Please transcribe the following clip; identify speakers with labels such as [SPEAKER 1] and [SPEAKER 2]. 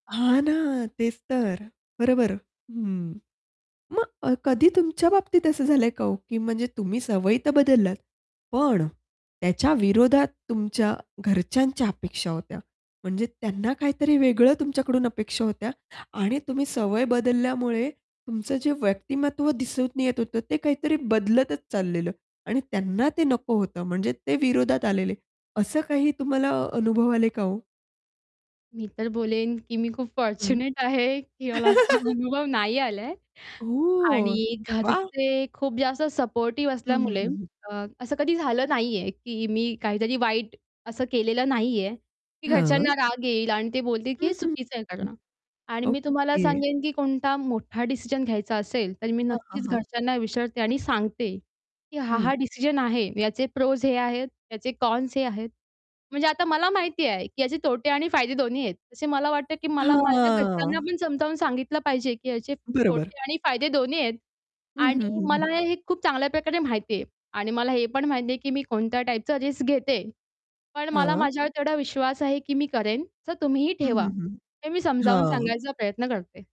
[SPEAKER 1] हां ना, तेच तर. बरोबर. हं. मग अ, कधी तुमच्या बाबतीत असं झालं आहे का ओ? की म्हणजे तुम्ही सवयी तर बदललात. पण त्याच्या विरोधात तुमच्या घरच्यांच्या अपेक्षा होत्या, म्हणजे त्यांना काहीतरी वेगळं तुमच्याकडून अपेक्षा होत्या. आणि तुम्ही सवय बदलल्यामुळे तुमचं जे व्यक्तिमत्व दिसून येत होतं, ते काहीतरी बदलतच चाललेलं आणि त्यांना ते नको होतं. म्हणजे ते विरोधात आलेले, असं काही तुम्हाला अनुभव आले का ओ?
[SPEAKER 2] मी तर बोलेन, की मी खूप
[SPEAKER 1] हं.
[SPEAKER 2] फॉर्च्युनेट आहे, की मला असा अनुभव नाही आला आहे
[SPEAKER 1] ओह!
[SPEAKER 2] आणि
[SPEAKER 1] वाह!
[SPEAKER 2] घरचे खूप जास्त सपोर्टिव्ह
[SPEAKER 1] हं, हं,
[SPEAKER 2] असल्यामुळे
[SPEAKER 1] हं, हं.
[SPEAKER 2] अ, असं कधी झालं नाही आहे, की मी काहीतरी वाईट असं केलेलं नाही आहे, की
[SPEAKER 1] हां.
[SPEAKER 2] घरच्यांना राग येईल आणि ते बोलतील, की
[SPEAKER 1] हं,
[SPEAKER 2] हे
[SPEAKER 1] हं,
[SPEAKER 2] चुकीचं आहे
[SPEAKER 1] हं.
[SPEAKER 2] करणं. आणि मी तुम्हाला
[SPEAKER 1] ओके.
[SPEAKER 2] सांगेन, की कोणता मोठा डिसिजन घ्यायचा असेल, तर मी
[SPEAKER 1] हां, हां,
[SPEAKER 2] नक्कीच
[SPEAKER 1] हां.
[SPEAKER 2] घरच्यांना विचारते. आणि सांगते, की हा,
[SPEAKER 1] हं.
[SPEAKER 2] हा डिसिजन आहे याचे प्रोज हे आहेत याचे कॉन्स हे आहेत म्हणजे आता मला माहिती आहे, की याचे तोटे आणि फायदे दोन्ही आहेत. तसे मला वाटते, की मला माझ्या घरच्यांना
[SPEAKER 1] हां.
[SPEAKER 2] पण समजावून सांगितलं पाहिजे, की याचे
[SPEAKER 1] बरोबर.
[SPEAKER 2] तोटे आणि फायदे दोन्ही आहेत.
[SPEAKER 1] हं, हं,
[SPEAKER 2] आणि
[SPEAKER 1] हं,
[SPEAKER 2] मला
[SPEAKER 1] हं.
[SPEAKER 2] हे खूप चांगल्या प्रकारे माहिती आहे आणि मला हे पण माहिती आहे, की मी कोणत्या टाईपचं रिस्क घेते. पण मला
[SPEAKER 1] हां.
[SPEAKER 2] माझ्यावर तेवढा विश्वास आहे, की मी करेन, तर तुम्हीही
[SPEAKER 1] हं,
[SPEAKER 2] ठेवा
[SPEAKER 1] हं, हं.
[SPEAKER 2] हे मी समजावून
[SPEAKER 1] हां.
[SPEAKER 2] सांगायचा प्रयत्न करते.